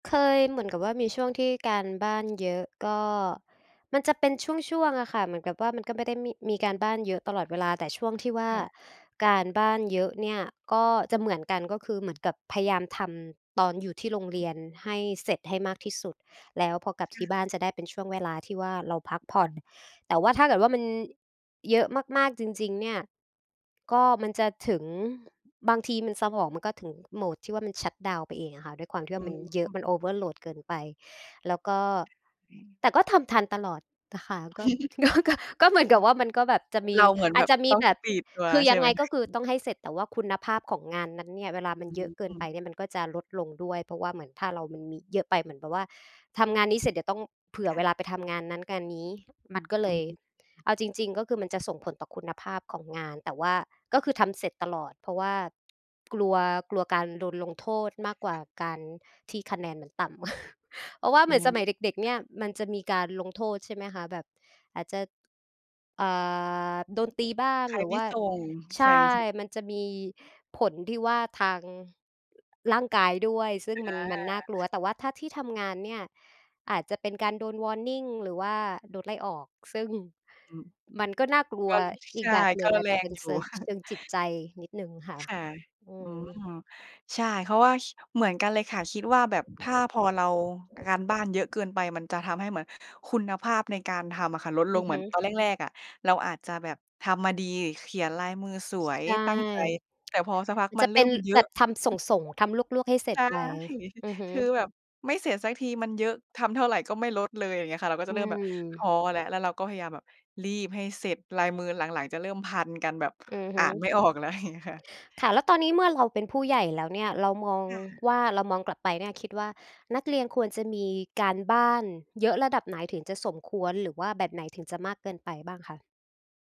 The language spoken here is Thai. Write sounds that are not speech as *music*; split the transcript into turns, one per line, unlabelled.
เคยเหมือนกับว่า มีช่วงที่การบ้านเยอะก็ มันจะเป็นช่วง ๆ อะค่ะ เหมือนกับว่า มันก็ไม่ได้มี มีการบ้านเยอะตลอดเวลา แต่ช่วงที่ว่
ค
า
่ะ
การบ้านเยอะเนี่ยก็จะเหมือนกัน ก็คือเหมือนกับพยายามทำตอนอยู่ที่โรงเรียนให้เสร็จให้มากที่สุด แล้วพอกลับ
ค
ท
่
ี่บ้
ะ
านจะได้เป็นช่วงเวลาที่ว่า เราพักผ่อน แต่ว่าถ้าเกิดว่า มันเยอะมาก ๆ จริง ๆ เนี่ย ก็ มันจะถึง บางทีมันสมองมันก็ถึงโหมดที่ว่า มันชัตดาวน์ไปเองอะค่ะ ด้วยความที่
อ
ว
ื
่ามันเยอะมัน
ม
Overload เกินไป แล้วก็
ค่ะ อืม
แต่ก็ทำทันตลอดนะคะ ก็
*chuckles* อ
ก็ ก็ ก็เหมือนก
ื
ับ
ม
ว่า มันก็แบบจะม
เ
ี
ราเหมือน
อ
แบ
าจ
บ
จะม
ต
ี
้อง
แบ
ส
บ
ปีดตัว
คือ
ใช
ย
่
ัง
ไหม
ไง
ค
ก
ะ?
็คือ
*chuckles*
ต้องให้เสร็จ แต่ว่าคุณภาพของงานนั้นเนี่ย เวลามั
อ
นเยอะเกิน
ื
ไ
ม
ปเนี่ยมันก็จะลดลงด้วย เพราะว่าเหมือนถ้าเรา มันมีเยอะไปเหมือนแบบว่า ทำงานนี้เสร็จเดี๋ยวต้องเผื่
ค
อ
่
เวล
ะ
าไปทำงานนั้นงานนี้ มันก็
อ
เ
ื
ล
ม
ย
อือ
เอาจริง ๆ ก็คือ มันจะส่งผลต่อคุณภาพของงาน แต่ว่าก็คือ ทำเสร็จตลอด เพราะว่ากลัว กลัวการโดนลงโทษมากกว่า
*chuckles*
การที่คะแนนมันต่ำ *chuckles* เพราะว่าเ
อ
หม
ื
ือนส
ม
มัยเด็ก ๆ
ค
เ
่
นี่ย
ะ
มันจะมีการลงโทษใช่ไหมคะ? แบบ อาจจะ อ่า โดนตีบ้าง
ใคร
หรื
ไ
อ
ม
ว
่
่า
ส่ง
ใ
ใ
ช
ช
่
่ ๆ
มันจะมีผลที่ว่า ทางร่างกายด้วย ซึ่งม
อ
ัน มันน่
า
ากลัว แต่ถ้าที่ทำงานเนี่ย อาจจะเป็นการโดน Warning หรือว่าโดนไล่ออก ซึ่ง
อืม
มันก็น่ากลั
ก
ว
็ ล
อ
ใ
ี
ช
ก
่
แบบหน
ก
ึ่
็
ง
ร
อา
แ
จ
ร
จะเป
ง
็น
อยู
เ
่
ซิง เช
*chuckles*
ิงจิตใจนิดหนึ่งค่ะ
ค่ะ
อื
อืม
ม
ใช่ เพราะว่า ค เหมือนกันเลยค่ะ คิดว่าแบบถ้า พอเราการบ้านเยอะเกินไปมันจะทำให้เหมือนคุณภาพในการทำอะค่ะลดล
อื
ง
อ
เหม
ฮ
ือนต
ึ
อนแรก ๆ อะ เราอาจจะแบบทำมาดี เขียนลายมือส
ช
วย
ใช่
ตั้งใจ แต่พอสักพ
*tsk*
ั
ม
ก
ัน
ม
จ
ั
ะ
นเ
เ
ร
ป
ิ่
็น
มเยอ
แบ
ะ
บทำส
*chuckles*
่ง ๆ ทำลวก ๆ ให้เสร็
ใช
จ
่
ไป อือฮึ
คือแบบไม่เสร็จสักทีมันเยอะ ทำเท่าไรก็ไม่ลดเลย อย่างเงี้ยค่ะ เราก็
อ
จะ
ื
เริ่มแบบท้อ
ม
แล้ว แล้วเราก็พยายามแบบรีบให้เสร็จ ลายมือหลัง ๆ จะเริ่มพันกัน แบบ
อือฮ
อ่าน
ึ
ไม่ออกแล้ว เงี้ยค่ะ
ค่ะ แล้วตอนนี้เมื่อเราเป็นผู้ใหญ่แล้วเนี่ย เรามอง
ค่ะ
ว่า เรามองกลับไปเนี่ยคิดว่า นักเรียนควรจะมีการบ้านเยอะระดับไหนถึงจะสมควร หรือว่าแบบไหนถึงจะมากเกินไปบ้างคะ?